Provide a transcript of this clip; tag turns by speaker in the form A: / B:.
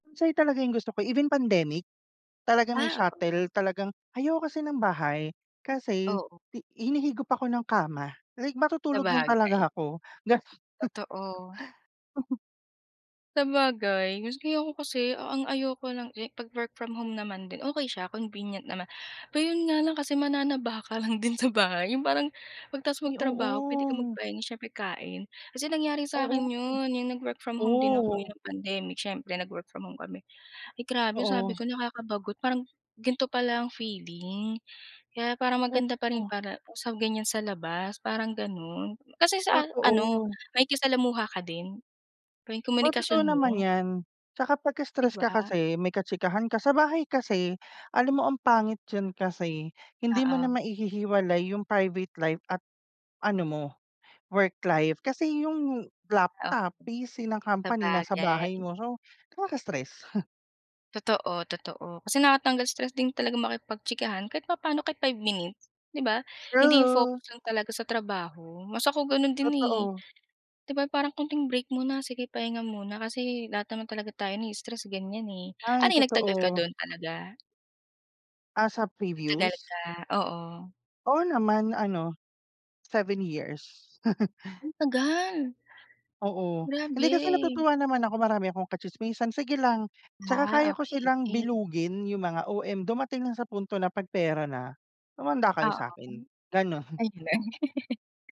A: Minsan 'yon talaga yung gusto ko. Even pandemic, talagang may
B: Ah, oo.
A: shuttle. Talagang ayaw ko kasi ng bahay kasi
B: Oo.
A: hi hinihigop ako ng kama. Like matutulog lang
B: Sabagay.
A: talaga ako, gano'n.
B: Totoo. Sabagay kasi ako kasi ang ayoko lang kasi 'pag work from home naman din okey siya, convenient naman. Pero 'yon nga lang kasi mananaba ka lang din sa bahay. Yung parang 'pag tapos
A: Ay
B: magtrabaho puwede kang
A: oo.
B: magpahinga siyempre, kain. Kasi nangyari sa
A: Oo,
B: akin 'yon, 'yong nag-work from home din ako
A: oh.
B: no'ng pandemic siyempre, nag-work from home kami. Ay grabe, sabi
A: Oo.
B: ko nakakabagot. Parang gan'to pala ang feeling kaya parang maganda pa rin
A: Oo.
B: para sa ganyan sa labas parang gano'n. Kasi sa a ano,
A: Totoo.
B: makikisalamuha ka din tuwing
A: Oo, totoo
B: komunikasyon
A: naman
B: mo.
A: 'yan. Tsaka pagka
B: 'Di
A: stress ka
B: ba?
A: kasi may kachikahan ka. Sa bahay kasi alam mo ang pangit 'yon kasi hindi mo na
B: Oo.
A: maihihiwalay yung private life at ano mo, work life. Kasi yung
B: Ah okey,
A: laptop, PC ng company nasa bahay
B: sabagay.
A: mo. So, nakaka-stress.
B: Totoo, totoo. Kasi nakakatanggal stress din talagang makipagchikahan kahit papaano kahit 5 minutes, 'di ba? Hindi yung
A: True.
B: focus lang talaga sa trabaho. Mas ako gano'n din, eh.
A: Totoo.
B: 'Di ba parang konting break muna, sige pahinga muna kasi lahat naman talaga tayo nai-stress sa ganyan, eh.
A: Ay
B: Ano 'yon nagtagal ka
A: totoo.
B: do'n talaga?
A: Ah, sa
B: Nagtagal
A: previous?
B: ka, oo.
A: Oo naman. Ano, 7 years.
B: Antagal.
A: Oo. Hindi,
B: Grabe.
A: kasi natutuwa naman ako marami akong kachismisan, sige lang. Tsaka kaya
B: Ah,
A: ko silang
B: okey.
A: bilugin, yung mga OM. Dumating lang sa punto na 'pag pera na, humanda kayo
B: Ah,
A: sa akin,
B: okey.
A: gano'n.
B: Ayun.